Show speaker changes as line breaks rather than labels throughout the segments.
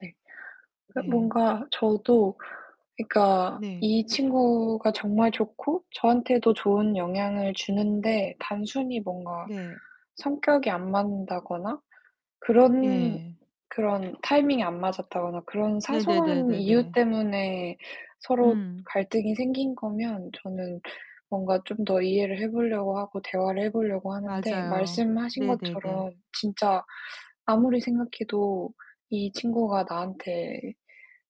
네. 그니까
네.
뭔가 저도 그니까
네.
이 친구가 정말 좋고 저한테도 좋은 영향을 주는데 단순히 뭔가
네.
성격이 안 맞는다거나 그런
예.
그런 타이밍이 안 맞았다거나 그런 사소한 이유
네네네네네.
때문에 서로
음.
갈등이 생긴 거면 저는 뭔가 좀 더 이해를 해 보려고 하고 대화를 해 보려고 하는데
맞아요.
말씀하신
네네네.
것처럼 진짜 아무리 생각해도 이 친구가 나한테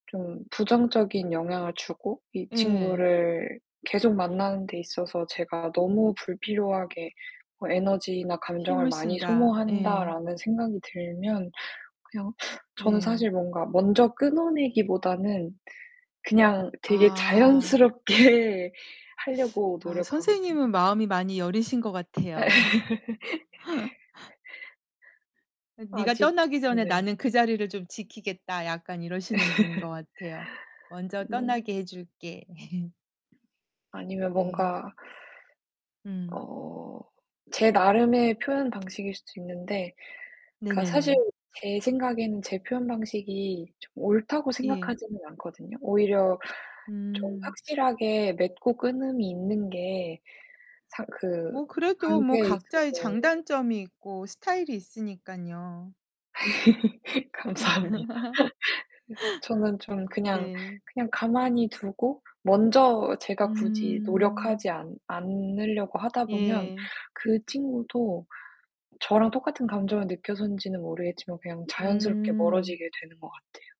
좀 부정적인 영향을 주고 이
예.
친구를 계속 만나는 데 있어서 제가 '너무 불필요하게 뭐 에너지나 감정을
힘을
많이
쓴다. 예.
소모한다.'라는 생각이 들면 그냥 저는 사실
네.
뭔가 먼저 끊어 내기보다는 그냥 되게
아.
자연스럽게 하려고
아,
노력하거든요.
선생님은 마음이 많이 여리신 것
예.
같아요. 그 네가
아직
떠나기 전에
네.
나는 그 자리를 좀 지키겠다. 약간 이러시는 분인 것 같아요. 먼저
네.
떠나게 해 줄게.
아니면
네.
뭔가
음.
어 제 나름의 표현 방식일 수도 있는데 그니까 사실
네네네.
제 생각에는 제 표현 방식이 좀 옳다고
예.
생각하지는 않거든요. 오히려 좀
음.
확실하게 맺고 끊음이 있는 게 상 그
뭐 그래도 뭐
관계에
각자의
있어서
장단점이 있고 스타일이 있으니깐요.
감사합니다. 그래서 저는 좀 그냥,
네.
그냥 가만히 두고 먼저 제가 굳이
음.
노력하지 않 않으려고 하다 보면
예.
그 친구도 저랑 똑같은 감정을 느껴서인지는 모르겠지만 그냥 자연스럽게
음.
멀어지게 되는 것 같아요.